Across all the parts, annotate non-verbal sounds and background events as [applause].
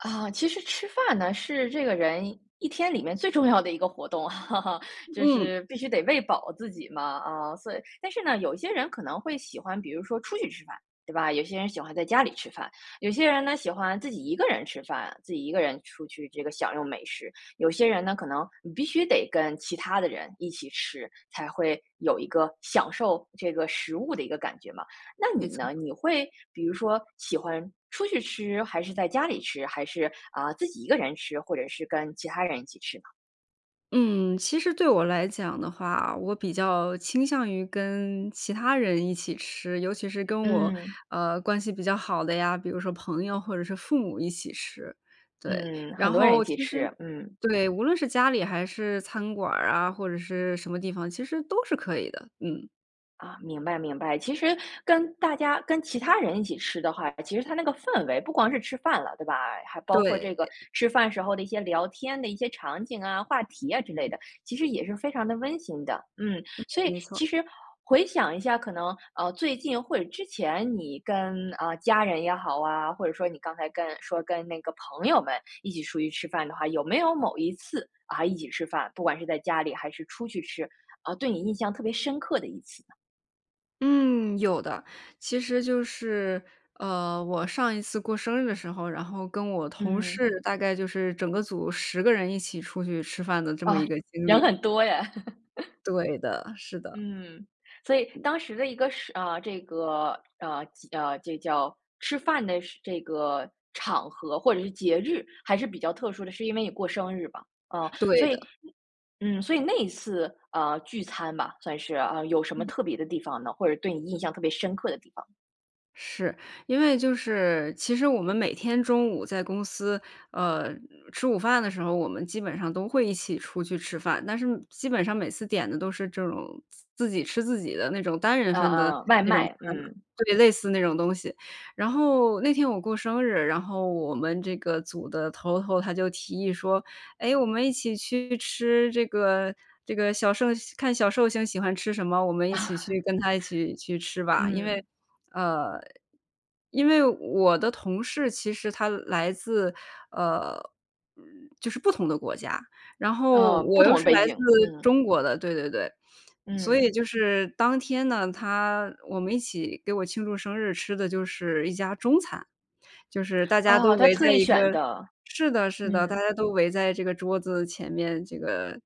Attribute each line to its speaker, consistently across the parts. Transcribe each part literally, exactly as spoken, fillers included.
Speaker 1: 啊，其实吃饭呢，是这个人一天里面最重要的一个活动，[laughs] 就
Speaker 2: 嗯。
Speaker 1: 是必须得喂饱自己嘛，啊，所以但是呢，有些人可能会喜欢，比如说出去吃饭，对吧？有些人喜欢在家里吃饭，有些人呢喜欢自己一个人吃饭，自己一个人出去这个享用美食。有些人呢，可能你必须得跟其他的人一起吃，才会有一个享受这个食物的一个感觉嘛。那
Speaker 2: 没
Speaker 1: 你
Speaker 2: 错。
Speaker 1: 呢？你会比如说喜欢出去吃，还是在家里吃，还是，啊，自己一个人吃，或者是跟其他人一起吃呢？
Speaker 2: 嗯，其实对我来讲的话，我比较倾向于跟其他人一起吃，尤其是跟我，
Speaker 1: 嗯。
Speaker 2: 呃，关系比较好的呀，比如说朋友或者是父母一起吃，对。
Speaker 1: 嗯，
Speaker 2: 然
Speaker 1: 很多人一
Speaker 2: 后
Speaker 1: 起
Speaker 2: 其实
Speaker 1: 吃，嗯。
Speaker 2: 对，无论是家里还是餐馆儿啊，或者是什么地方，其实都是可以的，嗯。
Speaker 1: 啊，明白明白，其实跟大家跟其他人一起吃的话，其实它那个氛围不光是吃饭了，对吧？还包括这
Speaker 2: 对。
Speaker 1: 个吃饭时候的一些聊天的一些场景啊，话题啊之类的，其实也是非常地温馨的。嗯，
Speaker 2: 嗯，
Speaker 1: 所以
Speaker 2: 没错儿。
Speaker 1: 其实回想一下，可能，呃，最近或者之前你跟，呃，家人也好啊，或者说你刚才跟说跟那个朋友们一起出去吃饭的话，有没有某一次，啊，一起吃饭，不管是在家里还是出去吃，啊，对你印象特别深刻的一次呢？
Speaker 2: 嗯，有的，其实就是，呃，我上一次过生日的时候，然后跟我同
Speaker 1: 嗯。
Speaker 2: 事大概就是整个组十个人一起出去吃饭的这么一
Speaker 1: 啊，
Speaker 2: 个经
Speaker 1: 人
Speaker 2: 历。
Speaker 1: 很多耶。[laughs]
Speaker 2: 对的，是的。
Speaker 1: 嗯，所以
Speaker 2: 嗯。
Speaker 1: 当时的一个是啊，这个，呃，几呃，这叫吃饭的是这个场合或者是节日，还是比较特殊的，是因为你过生日吧。啊，
Speaker 2: 对
Speaker 1: 所以
Speaker 2: 的。
Speaker 1: 嗯，所以那一次，呃，聚餐吧，算是，呃，有什么
Speaker 2: 嗯。
Speaker 1: 特别的地方呢？或者对你印象特别深刻的地方。
Speaker 2: 是，因为就是其实我们每天中午在公司，呃，吃午饭的时候，我们基本上都会一起出去吃饭，但是基本上每次点的都是这种自自己吃自己的那种单人
Speaker 1: 呃，
Speaker 2: 份的
Speaker 1: 呃，外
Speaker 2: 那种
Speaker 1: 卖，
Speaker 2: 餐嘛，
Speaker 1: 嗯。
Speaker 2: 特别类似那种东西。然后那天我过生日，然后我们这个组的头头，他就提议说，：“诶，我们一起去吃这个这个小寿看小寿星喜欢吃什么，我们一起去跟她一起去
Speaker 1: [laughs]
Speaker 2: 吃吧。“因为
Speaker 1: 嗯。
Speaker 2: 呃，因为我的同事，其实他来自，呃，嗯，就是不同的国家。然后
Speaker 1: 嗯，不
Speaker 2: 我又
Speaker 1: 同的
Speaker 2: 是
Speaker 1: 背
Speaker 2: 来自
Speaker 1: 景，嗯。
Speaker 2: 中国的，对对对，所以
Speaker 1: 嗯。
Speaker 2: 就是当天呢，他我们一起给我庆祝生日吃的就是一家中餐。就是大家都
Speaker 1: 哦，他
Speaker 2: 围
Speaker 1: 特
Speaker 2: 在
Speaker 1: 意
Speaker 2: 一
Speaker 1: 选
Speaker 2: 个
Speaker 1: 的。
Speaker 2: 是的是的，大
Speaker 1: 嗯。
Speaker 2: 家都围在这个桌子前面，这个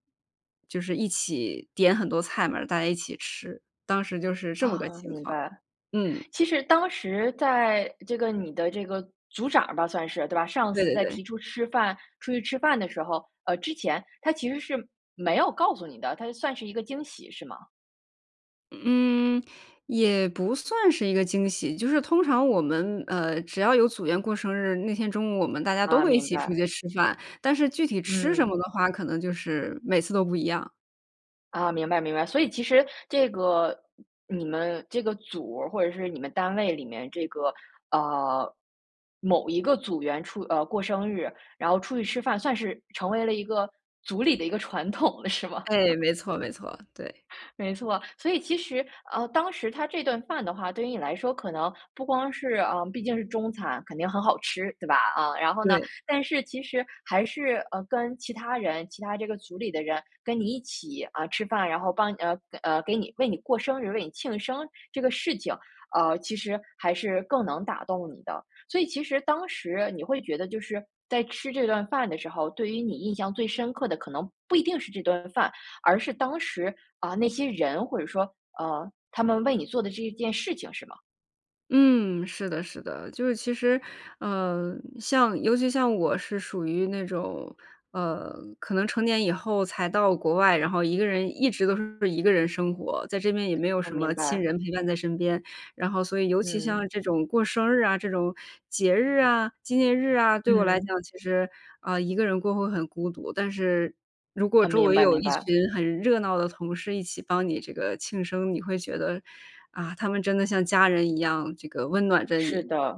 Speaker 2: 就是一起点很多菜嘛，大家一起吃。当时就是这么个
Speaker 1: 啊，
Speaker 2: 情
Speaker 1: 明
Speaker 2: 况，
Speaker 1: 白。
Speaker 2: 嗯。
Speaker 1: 其实当时在，这个你的这个组长儿吧，算是，对吧，上
Speaker 2: 对
Speaker 1: 次
Speaker 2: 对
Speaker 1: 在
Speaker 2: 对。
Speaker 1: 提出吃饭出去吃饭的时候，呃之前，他其实是没有告诉你的，它是算是一个惊喜是吗？
Speaker 2: 嗯，也不算是一个惊喜，就是通常我们，呃，只要有组员过生日，那天中午我们大家都
Speaker 1: 啊，
Speaker 2: 会一
Speaker 1: 明
Speaker 2: 起出
Speaker 1: 白。
Speaker 2: 去吃饭。但是具体吃什
Speaker 1: 嗯。
Speaker 2: 么的话，可能就是每次都不一样。
Speaker 1: 啊，明白明白，所以其实这个你们这个组儿或者是你们单位里面这个，呃，某一个组员出呃，过生日，然后出去吃饭，算是成为了一个组里的一个传统了，是吗？
Speaker 2: 哎，
Speaker 1: [laughs]
Speaker 2: 没错没错，对。
Speaker 1: 没错。所以其实，呃，当时它这顿饭的话，对于你来说可能不光是呃，毕竟是中餐，肯定很好吃，对吧，嗯。然后呢，
Speaker 2: 对。
Speaker 1: 但是其实还是，呃，跟其他人，其他这个组里的人跟你一起，啊，吃饭，然后帮你呃，呃，给你为你过生日，为你庆生这个事情，呃，其实还是更能打动你的。所以其实当时你会觉得就是，在吃这顿饭的时候，对于你印象最深刻的可能不一定是这顿饭，而是当时，啊，那些人，或者说，呃，他们为你做的这一件事情是吗？
Speaker 2: 嗯，是的是的。就是其实，呃，像尤其像我是属于那种，呃，可能成年以后才到国外，然后一个人一直都是一个人生活，在这边也没有
Speaker 1: 嗯，
Speaker 2: 什
Speaker 1: 明
Speaker 2: 么亲
Speaker 1: 白。
Speaker 2: 人陪伴在身边。然后所以尤其
Speaker 1: 嗯。
Speaker 2: 像这种过生日啊，这种节日啊，纪念日啊，对我来讲
Speaker 1: 嗯。
Speaker 2: 其实，啊，一个人过会很孤独。但是如果
Speaker 1: 呃，
Speaker 2: 周
Speaker 1: 明
Speaker 2: 围
Speaker 1: 白
Speaker 2: 有
Speaker 1: 明
Speaker 2: 一
Speaker 1: 白。
Speaker 2: 群很热闹的同事一起帮你这个庆生，你会觉得，啊，他们真的像家人一样，这个温暖着
Speaker 1: 是
Speaker 2: 你，
Speaker 1: 的，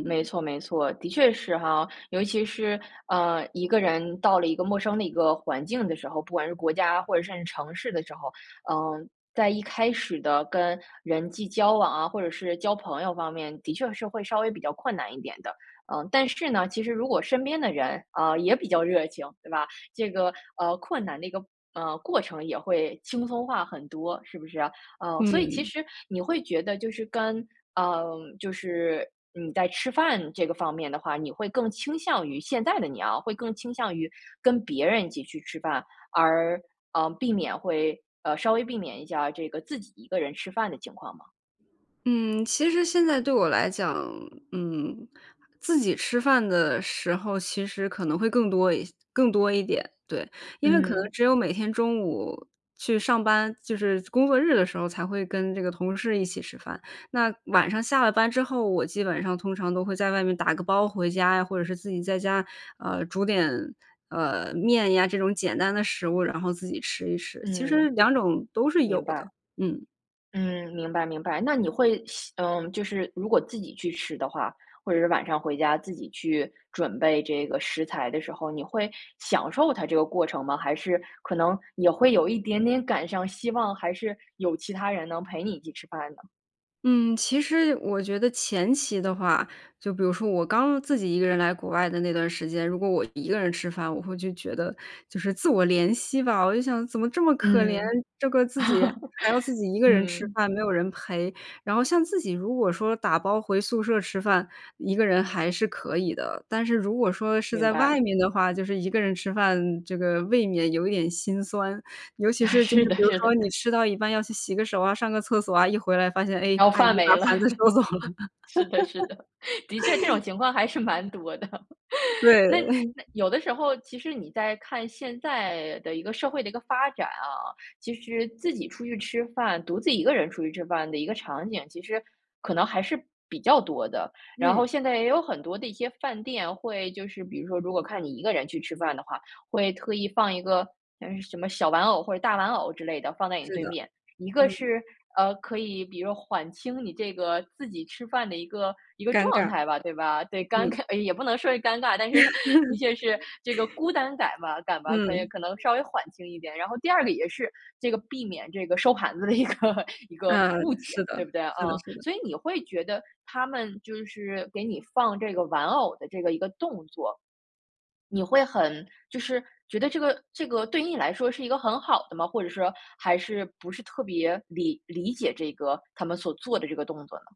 Speaker 1: 没错没错，的确是哈。尤其是，呃，一个人到了一个陌生的一个环境的时候，不管是国家或者甚至是城市的时候，呃，在一开始的跟人际交往啊或者是交朋友方面的确是会稍微比较困难一点的。呃，但是呢，其实如果身边的人，呃，也比较热情，对吧？这个，呃，困难的一个，呃，过程也会轻松化很多，是不是啊？呃，所以其
Speaker 2: 嗯。
Speaker 1: 实你会觉得就是跟呃，就是你在吃饭这个方面的话，你会更倾向于现在的你啊，会更倾向于跟别人一起去吃饭，而，呃，避免会呃，稍微避免一下这个自己一个人吃饭的情况吗？
Speaker 2: 嗯，其实现在对我来讲，嗯，自己吃饭的时候其实可能会更多一更多一点，对。因为可能
Speaker 1: 嗯。
Speaker 2: 只有每天中午去上班，就是工作日的时候才会跟这个同事一起吃饭。那晚上下了班之后，我基本上通常都会在外面打个包回家呀，或者是自己在家，啊，煮点，呃，面呀，这种简单的食物，然后自己吃一吃。其实
Speaker 1: 嗯。
Speaker 2: 两种都是有
Speaker 1: 明白。
Speaker 2: 的，嗯。
Speaker 1: 嗯，明白明白，那你会希嗯，就是如果自己去吃的话，或者是晚上回家自己去准备这个食材的时候，你会享受它这个过程吗？还是可能也会有一点点感伤，希望，还是有其他人能陪你一起吃饭呢？
Speaker 2: 嗯，其实我觉得前期的话，就比如说我刚自己一个人来国外的那段时间，如果我一个人吃饭，我会就觉得就是自我怜惜吧，我就想怎么这么可怜，
Speaker 1: 嗯。
Speaker 2: 这个自己
Speaker 1: [laughs]
Speaker 2: 还要自己一个人吃
Speaker 1: 嗯。
Speaker 2: 饭，没有人陪。然后像自己如果说打包回宿舍吃饭，一个人还是可以的。但是如果说是
Speaker 1: 明
Speaker 2: 在外
Speaker 1: 白。
Speaker 2: 面的话，就是一个人吃饭，这个未免有一点心酸。尤
Speaker 1: [laughs]
Speaker 2: 其是就是
Speaker 1: 是的
Speaker 2: 比如
Speaker 1: 是
Speaker 2: 说
Speaker 1: 的。
Speaker 2: 你吃到一半要去洗个手啊，上个厕所啊，一回来发现，哎，
Speaker 1: 然后
Speaker 2: 阿姨
Speaker 1: 饭
Speaker 2: 把
Speaker 1: 没了。
Speaker 2: 盘子收
Speaker 1: [laughs]
Speaker 2: 走了。
Speaker 1: 是的是的，的确这种
Speaker 2: [laughs]
Speaker 1: 情况还是蛮多的。
Speaker 2: 对。
Speaker 1: 那
Speaker 2: [chuckles]
Speaker 1: 那有的时候，其实你再看现在的一个社会的一个发展啊，其实自己出去吃饭，独自一个人出去吃饭的一个场景，其实可能还是比较多的。然后
Speaker 2: 嗯。
Speaker 1: 现在也有很多的一些饭店会就是比如说，如果看你一个人去吃饭的话，会特意放一个，呃，什么小玩偶或者大玩偶之类的，放在你
Speaker 2: 是
Speaker 1: 对
Speaker 2: 的，
Speaker 1: 面。一个
Speaker 2: 嗯。
Speaker 1: 是，呃，可以比如说缓轻你这个自己吃饭的一个一个
Speaker 2: 尴
Speaker 1: 状
Speaker 2: 尬。
Speaker 1: 态吧，对吧？对，尴
Speaker 2: 嗯。
Speaker 1: 尬也不能说是尴尬，但是的确是这个
Speaker 2: [laughs]
Speaker 1: 孤单感嘛感吧，可以
Speaker 2: 嗯。
Speaker 1: 可能稍微缓轻一点。然后第二个也是这个避免这个收盘子的一个一个
Speaker 2: 嗯，
Speaker 1: 误解，
Speaker 2: 是的，
Speaker 1: 对不对，啊？
Speaker 2: 是的是的。
Speaker 1: 所以你会觉得他们就是给你放这个玩偶的这个一个动作，你会很就是觉得这个这个对你来说是一个很好的吗？或者说还是不是特别理理解这个他们所做的这个动作呢？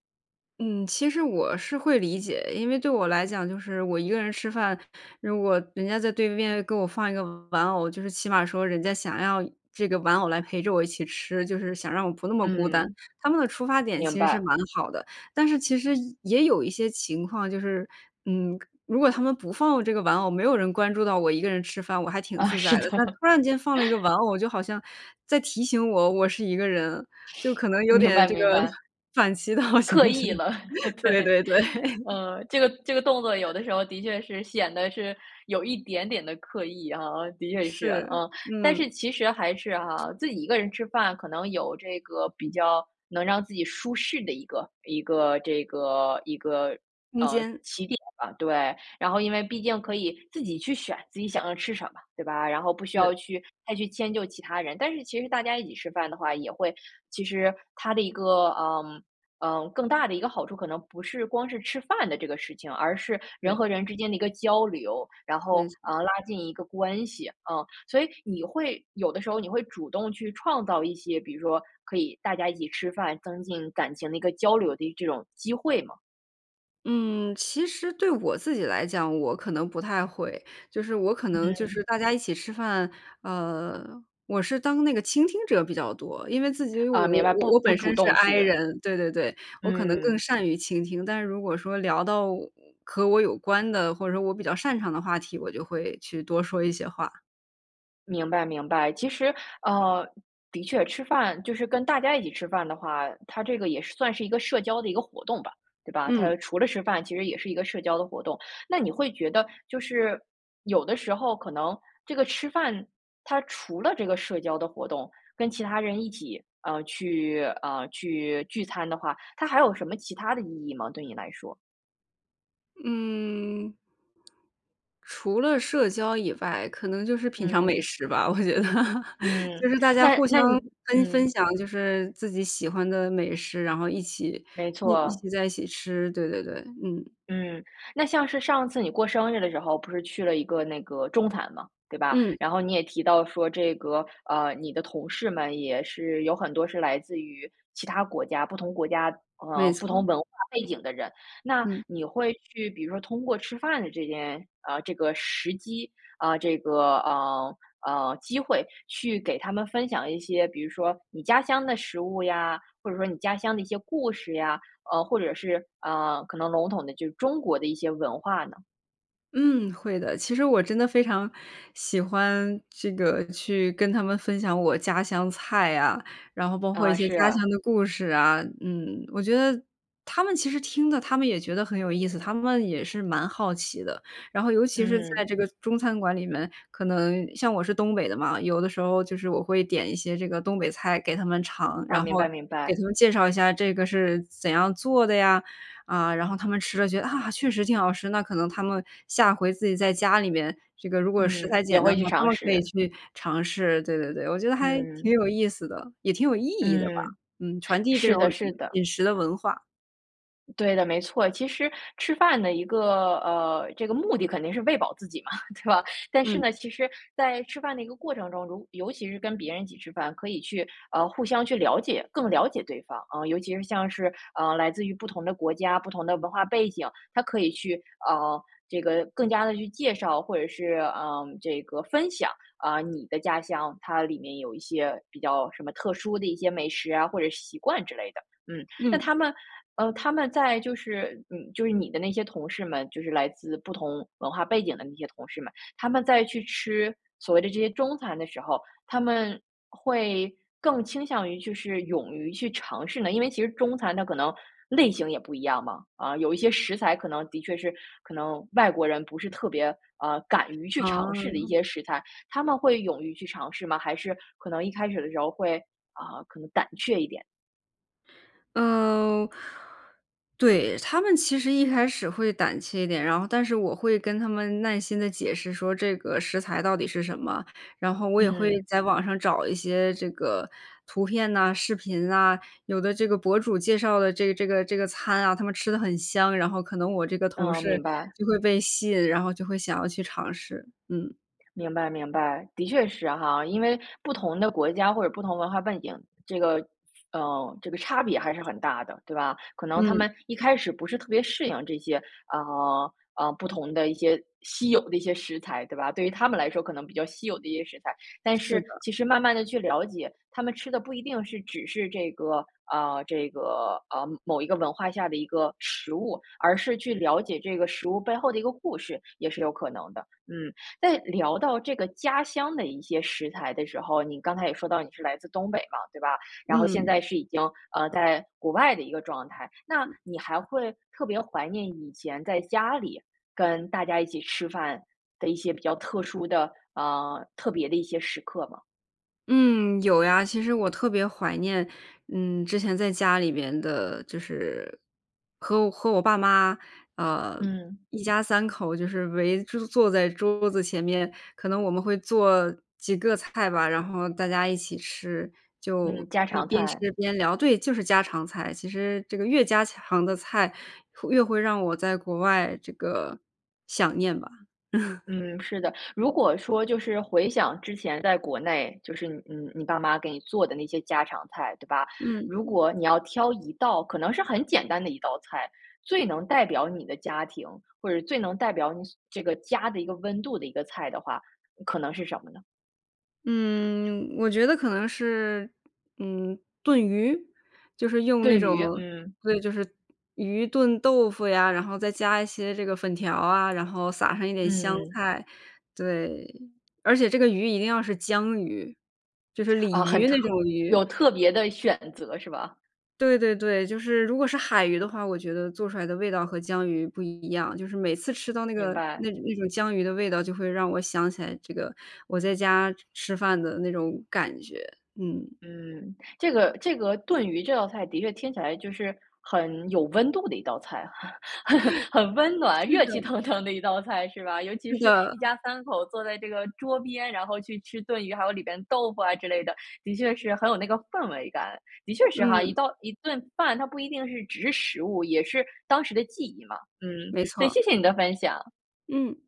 Speaker 2: 嗯，其实我是会理解。因为对我来讲就是我一个人吃饭，如果人家在对面给我放一个玩偶，就是起码说人家想要这个玩偶来陪着我一起吃，就是想让我不那么孤单，
Speaker 1: 嗯。
Speaker 2: 他们的出发点
Speaker 1: 明
Speaker 2: 其实是
Speaker 1: 白。
Speaker 2: 蛮好的。但是其实，也也有一些情况就是，嗯，如果他们不放这个玩偶，没有人关注到我一个人吃饭，我还挺
Speaker 1: 啊，
Speaker 2: 自
Speaker 1: 是
Speaker 2: 在的。但
Speaker 1: 的。
Speaker 2: 突然间放了一个玩
Speaker 1: [laughs]
Speaker 2: 偶，就好像在提醒我，我是一个人，就可能有
Speaker 1: 明
Speaker 2: 点
Speaker 1: 白
Speaker 2: 这个
Speaker 1: 明白。
Speaker 2: 反其道而行
Speaker 1: 刻
Speaker 2: 之。
Speaker 1: 意了，[laughs] 对，
Speaker 2: 对对对。
Speaker 1: 嗯。这个这个动作有的
Speaker 2: [laughs]
Speaker 1: 时候的确是显得是有一点点的刻意啊，的确是，
Speaker 2: 是，
Speaker 1: 啊。但是
Speaker 2: 嗯。
Speaker 1: 其实还是哈，自己一个人吃饭可能有这个比较能让自己舒适的一个一个这个一个，
Speaker 2: 空
Speaker 1: 呃，
Speaker 2: 间。
Speaker 1: 起点吧，对。然后因为毕竟可以自己去选自己想要吃什么，对吧，然后不需
Speaker 2: 是。
Speaker 1: 要去再去迁就其他人。但是其实大家一起吃饭的话也会其实它的一个，呃，呃，更大的一个好处，可能不是光是吃饭的这个事情，而是人
Speaker 2: 对。
Speaker 1: 和人之间的一个交流，然
Speaker 2: 没
Speaker 1: 后，
Speaker 2: 错。
Speaker 1: 呃，拉近一个关系，啊。所以你会有的时候你会主动去创造一些，比如说可以大家一起吃饭，增进感情的一个交流的这种机会吗？
Speaker 2: 嗯，其实对我自己来讲，我可能不太会。就是我可能就
Speaker 1: 嗯。
Speaker 2: 是大家一起吃饭，呃，我是当那个倾听者比较多。因为自己我
Speaker 1: 啊，明白，
Speaker 2: 我
Speaker 1: 不
Speaker 2: 我
Speaker 1: 不
Speaker 2: 本
Speaker 1: 主
Speaker 2: 身是
Speaker 1: 动
Speaker 2: I
Speaker 1: 去。
Speaker 2: 人，对，对，对，我可能更
Speaker 1: 嗯。
Speaker 2: 善于倾听。但是如果说聊到我和我有关的，或者说我比较擅长的话题，我就会去多说一些话。
Speaker 1: 明白明白。其实呃，的确，吃饭就是跟大家一起吃饭的话，它这个也是算是一个社交的一个活动吧，对吧？
Speaker 2: 嗯。
Speaker 1: 它除了吃饭其实也是一个社交的活动。那你会觉得就是有的时候可能这个吃饭它除了这个社交的活动，跟其他人一起，呃，去呃，去聚餐的话，它还有什么其它的意义吗，对你来说？
Speaker 2: 嗯。除了社交以外，可能就是品尝美
Speaker 1: 嗯。
Speaker 2: 食吧，我觉得。
Speaker 1: 嗯，
Speaker 2: 就是大家
Speaker 1: 那
Speaker 2: 互相
Speaker 1: 那你
Speaker 2: 跟分
Speaker 1: 嗯。
Speaker 2: 享就是自己喜欢的美食，然后一起
Speaker 1: 没
Speaker 2: 一一
Speaker 1: 错。
Speaker 2: 起在一起吃。对，对，对，嗯。
Speaker 1: 嗯，那像是上次你过生日的时候，不是去了一个那个中餐吗，对吧？
Speaker 2: 嗯。
Speaker 1: 然后你也提到说这个呃，你的同事们也是有很多是来自于其它国家，不同国家呃，
Speaker 2: 没
Speaker 1: 不同
Speaker 2: 错。
Speaker 1: 文化背景的人。那
Speaker 2: 嗯。
Speaker 1: 你会去比如说通过吃饭的这件啊，这个时机，啊，这个，呃呃，机会去给他们分享一些，比如说你家乡的食物呀，或者说你家乡的一些故事呀，呃，或者是，呃，可能笼统的就是中国的一些文化呢？
Speaker 2: 嗯，会的，其实我真的非常喜欢这个去跟他们分享我家乡菜呀，然后包括一
Speaker 1: 啊，
Speaker 2: 些
Speaker 1: 是
Speaker 2: 家乡
Speaker 1: 啊。
Speaker 2: 的故事啊，嗯。我觉得他们其实听的，他们也觉得很有意思，他们也是蛮好奇的。然后尤其是在
Speaker 1: 嗯。
Speaker 2: 这个中餐馆里面，可能像我是东北的嘛，有的时候就是我会点一些这个东北菜给他们尝，
Speaker 1: 哦，
Speaker 2: 然
Speaker 1: 明
Speaker 2: 后
Speaker 1: 白明
Speaker 2: 给
Speaker 1: 白。
Speaker 2: 他们介绍一下这个是怎样做的呀，啊，然后他们吃了觉得，啊，确实挺好吃，那可能他们下回自己在家里面，这个如果食
Speaker 1: 嗯，
Speaker 2: 材
Speaker 1: 也
Speaker 2: 简单
Speaker 1: 会
Speaker 2: 的
Speaker 1: 去
Speaker 2: 话，他
Speaker 1: 尝
Speaker 2: 们可以
Speaker 1: 试。
Speaker 2: 去尝试，对对对。我觉得还挺
Speaker 1: 嗯。
Speaker 2: 有意思的，也挺有意义的吧。
Speaker 1: 嗯，
Speaker 2: 嗯，传递这
Speaker 1: 是
Speaker 2: 种，
Speaker 1: 的
Speaker 2: 嗯，
Speaker 1: 是的。
Speaker 2: 饮食的文化。
Speaker 1: 对的，没错。其实吃饭的一个，呃，这个目的肯定是喂饱自己嘛，对吧？但是
Speaker 2: 嗯。
Speaker 1: 呢，其实在吃饭的一个过程中，如尤其是跟别人一起吃饭，可以去，呃，互相去了解，更了解对方啊。尤其是像是，呃，来自于不同的国家，不同的文化背景，它可以去，呃，这个更加地去介绍，或者是，呃，这个分享，啊，你的家乡，它里面有一些比较什么特殊的一些美食啊，或者是习惯之类的。嗯。那
Speaker 2: 嗯。
Speaker 1: 他们呃，他们在就是你就是你的那些同事们，就是来自不同文化背景的那些同事们，他们在去吃所谓的这些中餐的时候，他们会更倾向于就是勇于去尝试呢因为其实中餐它可能类型也不一样嘛。啊，有一些食材可能的确是可能外国人不是特别，呃，敢于去尝试的一
Speaker 2: 哦。
Speaker 1: 些食材，他们会勇于去尝试吗？还是可能一开始的时候会，啊，可能胆却一点？
Speaker 2: 嗯，对，他们其实一开始会胆怯一点，然后但是我会跟他们耐心地解释说这个食材到底是什么，然后我也会
Speaker 1: 嗯。
Speaker 2: 在网上找一些这个图片呐，视频呐，有的这个博主介绍的这这个这个餐啊，他们吃得很香，然后可能我这个同
Speaker 1: 嗯，
Speaker 2: 事
Speaker 1: 明白。
Speaker 2: 就会被吸引，然后就会想要去尝试。嗯。
Speaker 1: 明白明白，的确是哈，因为不同的国家或者不同文化背景，这个呃，这个差别还是很大的，对吧？可能他
Speaker 2: 嗯。
Speaker 1: 们一开始不是特别适应这些，呃，呃，不同的一些稀有的一些食材，对吧。对于他们来说可能比较稀有的一些食材，但
Speaker 2: 是
Speaker 1: 是
Speaker 2: 的。
Speaker 1: 其实慢慢地去了解，他们吃的不一定是只是这个啊，这个，呃，某一个文化下的一个食物，而是去了解这个食物背后的一个故事也是有可能的。嗯，在聊到这个家乡的一些食材的时候，你刚才也说到你是来自东北嘛，对吧？然后现
Speaker 2: 嗯。
Speaker 1: 在是已经，呃，在国外的一个状态，那
Speaker 2: 嗯。
Speaker 1: 你还会特别怀念以前在家里跟大家一起吃饭的一些比较特殊的呃，特别的一些时刻吗？
Speaker 2: 嗯，有呀，其实我特别怀念，嗯，之前在家里边的就是和我和我爸妈，啊，
Speaker 1: 嗯。
Speaker 2: 一家三口就是围着坐在桌子前面，可能我们会做几个菜吧，然后大家一起吃，就
Speaker 1: 嗯，家
Speaker 2: 一
Speaker 1: 常
Speaker 2: 边
Speaker 1: 菜。
Speaker 2: 吃边聊，对，就是家常菜，其实这个越家常的菜会越会让我在国外这个想念吧。[laughs]
Speaker 1: 嗯，是的，如果说就是回想之前在国内，就是你你你爸妈给你做的那些家常菜，对吧？
Speaker 2: 嗯
Speaker 1: 如
Speaker 2: 嗯。
Speaker 1: 果你要挑一道，可能是很简单的一道菜，最能代表你的家庭，或者最能代表你所这个家的一个温度的一个菜的话，可能是什么呢？
Speaker 2: 嗯，我觉得可能是，嗯，炖鱼，就是用那
Speaker 1: 炖
Speaker 2: 种
Speaker 1: 鱼，嗯。
Speaker 2: 对，就是鱼炖豆腐呀，然后再加一些这个粉条啊，然后撒上一点香
Speaker 1: 嗯。
Speaker 2: 菜，对，而且这个鱼一定要是江鱼，就是
Speaker 1: 啊，
Speaker 2: 鲤
Speaker 1: 很
Speaker 2: 鱼
Speaker 1: 特
Speaker 2: 那种鱼。
Speaker 1: 有特别的选择是吧？
Speaker 2: 对对对，就是如果是海鱼的话，我觉得做出来的味道和江鱼不一样，就是每次吃到那
Speaker 1: 明
Speaker 2: 个
Speaker 1: 白。
Speaker 2: 那那种江鱼的味道，就会让我想起来这个我在家吃饭的那种感觉。嗯。
Speaker 1: 嗯，这个这个炖鱼这道菜的确听起来就是很有温度的一道菜，
Speaker 2: [laughs]
Speaker 1: [laughs] 很温暖，
Speaker 2: 是
Speaker 1: 热气
Speaker 2: 的。
Speaker 1: 腾腾的一道菜是吧？尤其
Speaker 2: 是
Speaker 1: 是
Speaker 2: 的。
Speaker 1: 一家三口坐在这个桌边，然后去吃炖鱼，还有里边豆腐啊之类的，的确是很有那个氛围感，的确是哈，一
Speaker 2: 嗯。
Speaker 1: 道一顿饭，它不一定是只是食物，也是当时的记忆嘛。嗯，
Speaker 2: 没
Speaker 1: 所以谢
Speaker 2: 错。
Speaker 1: 谢你的分享。
Speaker 2: 嗯。